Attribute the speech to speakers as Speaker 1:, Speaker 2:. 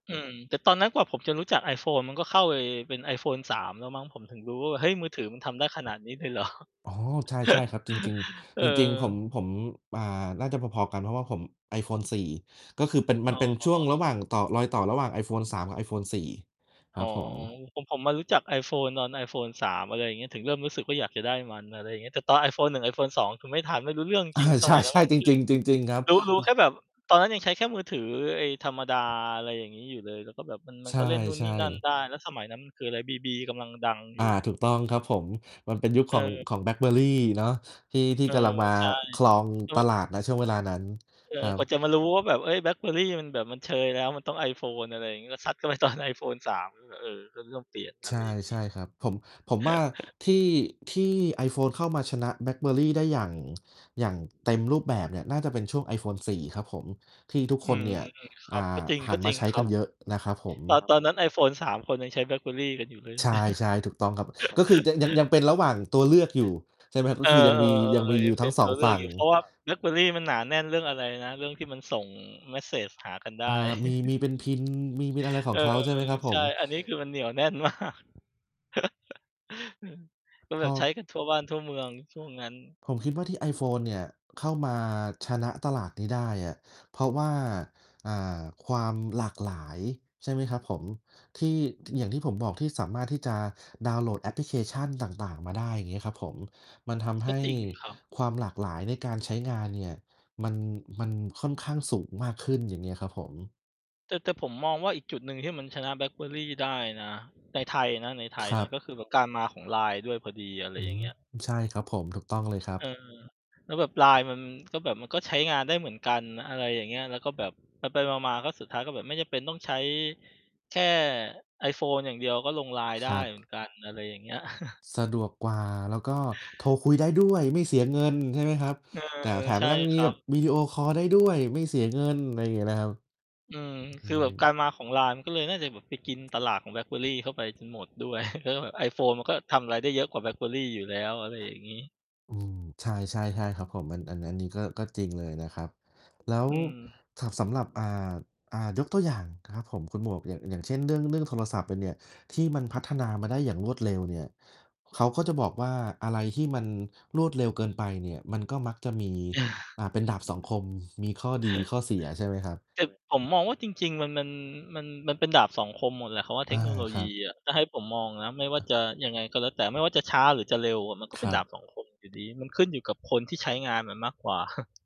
Speaker 1: อืม แต่ตอนนั้นกว่าผมจะรู้จัก iPhone ก็เข้าไปเป็น iPhone 3 แล้วมั้ง ผมถึงรู้ว่า เฮ้ย มือถือมันทำได้ขนาดนี้เลย เหรอ
Speaker 2: อ๋อ ใช่ ๆ ครับ จริง
Speaker 1: เออ
Speaker 2: ๆ จริง ๆ ผม ผม อ่า น่าจะพอ ๆ กัน เพราะว่าผม iPhone 4 ก็คือเป็น
Speaker 1: อ
Speaker 2: มั
Speaker 1: ๋
Speaker 2: น
Speaker 1: อ
Speaker 2: เป็นช่วงระหว่างต่อ รอยต่อระหว่าง iPhone 3 กับ iPhone 4 ค
Speaker 1: อ๋
Speaker 2: รั
Speaker 1: อ
Speaker 2: บผม
Speaker 1: ผม ผมมารู้จัก iPhone ตอน iPhone 3 อะไรอย่างเงี้ย ถึงเริ่มรู้สึกว่าอยากจะได้มัน อะไรอย่างเงี้ย แต่ตอน iPhone 1 iPhone 2 คือไม่ทัน ไม่รู้เรื่อง
Speaker 2: อ
Speaker 1: จ
Speaker 2: า
Speaker 1: ริง ๆ ส
Speaker 2: ช
Speaker 1: มัยนั้
Speaker 2: ใ
Speaker 1: น
Speaker 2: ช่ จริง ๆ จริง ๆ ครับ
Speaker 1: คือ รู้ รู้
Speaker 2: อื
Speaker 1: แ
Speaker 2: อ
Speaker 1: ค่แบบ ตอนนั้นยังใช้แค่มือถือไอ้ธรรมดา อะไรอย่างงี้อยู่เลย แล้วก็แบบ มัน มั
Speaker 2: ใช
Speaker 1: นก็เล่นนู่นนี
Speaker 2: ่
Speaker 1: ่นั่น
Speaker 2: ๆ
Speaker 1: ได้ แล้วสมัยนั้นมันคืออะไร BB กำลังดังอย
Speaker 2: อา
Speaker 1: ู่
Speaker 2: ถูกต้องครับผม มันเป็นยุค
Speaker 1: เ
Speaker 2: ของ
Speaker 1: ออ
Speaker 2: ของ BlackBerry เนาะ ที่ ที่
Speaker 1: เออ
Speaker 2: กำลังมา
Speaker 1: ใช่
Speaker 2: ครอง
Speaker 1: จ
Speaker 2: ต
Speaker 1: น
Speaker 2: ลาด ณ ช่วงเวลานั้น
Speaker 1: เอ
Speaker 2: คร
Speaker 1: อ
Speaker 2: ั
Speaker 1: กว่า
Speaker 2: บ
Speaker 1: จะมารู้ว่าแบบ เฮ้ย BlackBerry มันแบบมันเชยแล้ว มันต้อง iPhone อะไรอย่างงี้ ก็ ซัดเข้าไปตอน iPhone 3 ก็ เออ ก็เริ่มเปลี่ยน อะ
Speaker 2: ใช
Speaker 1: ไร
Speaker 2: ่
Speaker 1: อย่างง
Speaker 2: ใ
Speaker 1: ี
Speaker 2: ช
Speaker 1: ้
Speaker 2: ่ครับ ผม ผมว่า ที่ ที่ iPhone เข้ามาชนะ BlackBerry ได้ อย่าง อย่างเต็มรูปแบบเนี่ย น่าจะเป็นช่วง iPhone 4 ครับผม ที่ทุก
Speaker 1: อ
Speaker 2: ค
Speaker 1: ื
Speaker 2: น
Speaker 1: ม
Speaker 2: เนี่ย
Speaker 1: ๆ ค
Speaker 2: อ่
Speaker 1: รั
Speaker 2: า
Speaker 1: บ ก็จริง
Speaker 2: ห
Speaker 1: ก
Speaker 2: ั
Speaker 1: ็
Speaker 2: นม
Speaker 1: จร
Speaker 2: า
Speaker 1: ิง
Speaker 2: ใช้
Speaker 1: คร
Speaker 2: ก
Speaker 1: ั
Speaker 2: ั
Speaker 1: บ
Speaker 2: นเยอะนะครับผม
Speaker 1: ตอน ตอนนั้น iPhone 3 คนยังใช้ BlackBerry กันอยู่เลย
Speaker 2: ใช่ ๆ ถูกต้องครับ ก็คือยัง ยัง ยังเป็นระหว่างตัวเลือกอยู่ ใช่ไหมครับ
Speaker 1: เ
Speaker 2: ก
Speaker 1: อ
Speaker 2: ็
Speaker 1: อ
Speaker 2: คือยังมี ยังมี
Speaker 1: ๆ ๆ
Speaker 2: อ
Speaker 1: ย
Speaker 2: ย
Speaker 1: ั
Speaker 2: ู่
Speaker 1: งเ
Speaker 2: ท
Speaker 1: ป
Speaker 2: ั
Speaker 1: ็
Speaker 2: ้
Speaker 1: น
Speaker 2: ง ส
Speaker 1: ต
Speaker 2: อ
Speaker 1: ัว
Speaker 2: ง
Speaker 1: เลื
Speaker 2: ฝ
Speaker 1: อก
Speaker 2: ั่
Speaker 1: อ
Speaker 2: ง
Speaker 1: ยู่ เพราะว่า BlackBerry มันหนาแน่นเรื่องอะไรนะ เรื่องที่มันส่งเมสเซจหากันได
Speaker 2: อ่า
Speaker 1: ้
Speaker 2: มี มีเป็น PIN มี มีอะไรข
Speaker 1: เอ
Speaker 2: อง
Speaker 1: อ
Speaker 2: เขา ใช่ไหมครับ
Speaker 1: ๆ
Speaker 2: ผ
Speaker 1: ใช่
Speaker 2: ม?
Speaker 1: อันนี้คือมันเหนียวแน่น มาก ก็
Speaker 2: พ
Speaker 1: แบบใช้
Speaker 2: อ
Speaker 1: กันทั่วบ้านทั่วเมืองช่วงนั้น
Speaker 2: ผมคิดว่าที่ iPhone เนี่ย เข้ามาชนะตลาดนี้ได้อะ เพราะว่า อ่า ความหลากหลาย ใช่ไหมครับผม ที่ ท อย่างที่ผมบอกที่สามารถที่จะดาวน์โหลดแอปพลิเคชันต่าง ๆ มาได้ อย่างเงี้ยครับผม มันทำให
Speaker 1: ก็
Speaker 2: ้
Speaker 1: จริงครับ
Speaker 2: ความหลากหลายในการใช้งานเนี่ย มัน มันค่อนข้างสูงมากขึ้น อย่างเงี้ยครับผม
Speaker 1: แต่ แต่ผมมองว่า อีกจุดหนึ่งที่มันชนะ BlackBerry ได้นะ ในไทยนะ ในไทย
Speaker 2: คร
Speaker 1: น
Speaker 2: ั
Speaker 1: ะ
Speaker 2: บ
Speaker 1: ก็คือแบบการมาของไลน์ด้วยพอดี อะไร
Speaker 2: อื
Speaker 1: อย่าง
Speaker 2: ม
Speaker 1: เงี้ย
Speaker 2: ใช่ ครับผม ถูกต้องเลยครั
Speaker 1: เออ
Speaker 2: บ
Speaker 1: แล้วแบบไลน์มันก็แบบ มันก็ใช้งานได้เหมือนกัน อะไรอย่างเงี้ย แล้วก็แบบไป ๆ มา ๆ ก็สุดท้ายก็แบบไม่จำเป็นต้องใช้แค่ iPhone อย่างเดียวก็ลงไลน์ไ
Speaker 2: ค
Speaker 1: ด้
Speaker 2: รับ
Speaker 1: เหมือนกัน อะไรอย่างเงี้ย
Speaker 2: สะดวกกว่า แล้วก็โทรคุยได้ด้วย ไม่เสียเงิน ใช่ไหมครับ
Speaker 1: เอ
Speaker 2: แต่
Speaker 1: อ
Speaker 2: แถม
Speaker 1: ใช
Speaker 2: มั
Speaker 1: ่
Speaker 2: นยัง
Speaker 1: ค
Speaker 2: มี
Speaker 1: รั
Speaker 2: แบบ
Speaker 1: บ
Speaker 2: วิดีโอคอลได้ด้วย ไม่เสียเงิน อะไรอย่างเงี้ยนะครับ
Speaker 1: อืม
Speaker 2: อ
Speaker 1: ค
Speaker 2: ื
Speaker 1: ือแบบ
Speaker 2: ม
Speaker 1: การมาของไลน์ ก็เลยน่าจะแบบไปกินตลาดของ BlackBerry เข้าไปจนหมดด้วย แล้วแบบ iPhone มันก็ทำไรได้เยอะกว่า BlackBerry อยู่แล้ว อะไรอย่างงี้
Speaker 2: อืม ใช่ ๆ ๆ ครับผม อัน อัน อันนี้ก็ ก็จริงเลยนะครับ แล้ว
Speaker 1: อืม
Speaker 2: ถ สำหรับ อ่า อ่า ยกตัวอย่างนะครับผมคุณหมวก อย่าง อย่างเช่น เรื่อง เรื่องโทรศัพท์มันเนี่ย ที่มันพัฒนามาได้อย่างรวดเร็วเนี่ย เขาก็จะบอกว่า อะไรที่มันรวดเร็วเกินไปเนี่ย มันก็มักจะมี อ่า เป็นดาบสองคม มีข้อดีข้อเสียใช่ไหมครับ?
Speaker 1: แต่ผมมองว่าจริง ๆ มัน มัน มัน มันเป็นดาบสองคมหมดแหละคำว่าเ
Speaker 2: อ
Speaker 1: ท
Speaker 2: า
Speaker 1: คโนโล
Speaker 2: ค
Speaker 1: ย
Speaker 2: รั
Speaker 1: ี
Speaker 2: บ
Speaker 1: อะ ถ้าให้ผมมองนะ ไม่ว่า
Speaker 2: อา
Speaker 1: จะยังไงก็แล้วแต่ ไม่ว่าจะช้าหรือจะเร็วอะ มันก็
Speaker 2: ค
Speaker 1: เป็น
Speaker 2: รั
Speaker 1: ดา
Speaker 2: บ
Speaker 1: บสองคมอยู่ดี มันขึ้นอยู่กับคนที่ใช้งานมันมากกว่า